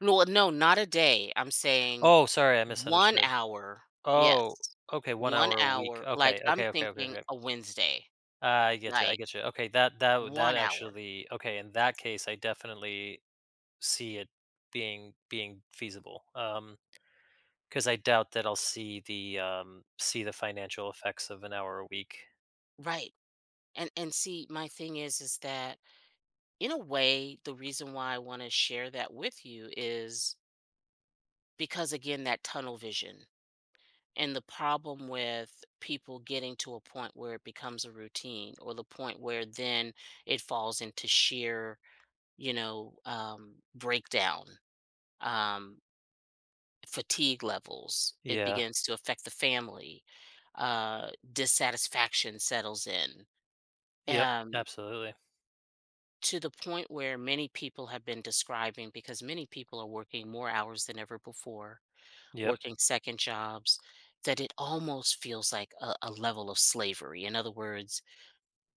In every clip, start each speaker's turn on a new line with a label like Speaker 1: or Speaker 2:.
Speaker 1: No a no not a day, I'm saying
Speaker 2: Oh, sorry, I
Speaker 1: 1
Speaker 2: misunderstood,
Speaker 1: hour,
Speaker 2: oh,
Speaker 1: yes.
Speaker 2: okay, 1
Speaker 1: 1
Speaker 2: hour a week,
Speaker 1: hour, like,
Speaker 2: okay,
Speaker 1: I'm
Speaker 2: okay, okay, okay,
Speaker 1: thinking
Speaker 2: okay.
Speaker 1: a Wednesday,
Speaker 2: I get you I
Speaker 1: like
Speaker 2: get you, okay, that that that
Speaker 1: 1 hour.
Speaker 2: actually okay, in that case, I definitely see it being being feasible, um, 'cause I doubt that I'll see the, um see the financial effects of an hour a week.
Speaker 1: Right, and and see my thing is is that in a way the reason why I wanna share that with you is Because again, that tunnel vision, and the problem with people getting to a point where it becomes a routine, or the point where then it falls into sheer, you know, um, breakdown, um fatigue levels, it
Speaker 2: Yeah.
Speaker 1: begins to affect the family, uh, dissatisfaction settles in,
Speaker 2: Yep,
Speaker 1: um
Speaker 2: absolutely.
Speaker 1: to the point where many people have been describing because many people are working more hours than ever before,
Speaker 2: Yep.
Speaker 1: working second jobs, that it almost feels like a a level of slavery. In other words,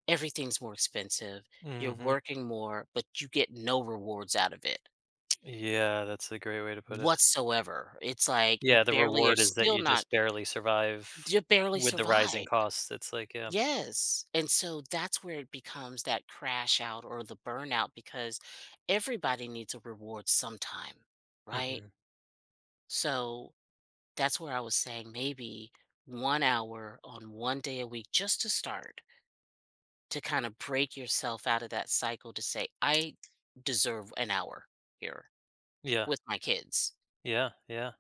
Speaker 1: everything's more expensive, you're
Speaker 2: Mhm.
Speaker 1: working more, but you get no rewards out of it
Speaker 2: Yeah, that's a great way to put it.
Speaker 1: whatsoever, it's like you
Speaker 2: Yeah, the
Speaker 1: barely are
Speaker 2: reward is that
Speaker 1: still
Speaker 2: you
Speaker 1: not
Speaker 2: just barely survive
Speaker 1: you barely
Speaker 2: with the rising
Speaker 1: survive,
Speaker 2: costs, it's like yeah.
Speaker 1: yes, and so that's where it becomes that crash out, or the burnout because everybody needs a reward sometime, right?
Speaker 2: Mhm.
Speaker 1: So, that's where I was saying maybe 1 hour on 1 day a week just to start. To kinda break yourself out of that cycle to say, "I deserve an hour, here
Speaker 2: Yeah.
Speaker 1: with my kids."
Speaker 2: Yeah yeah.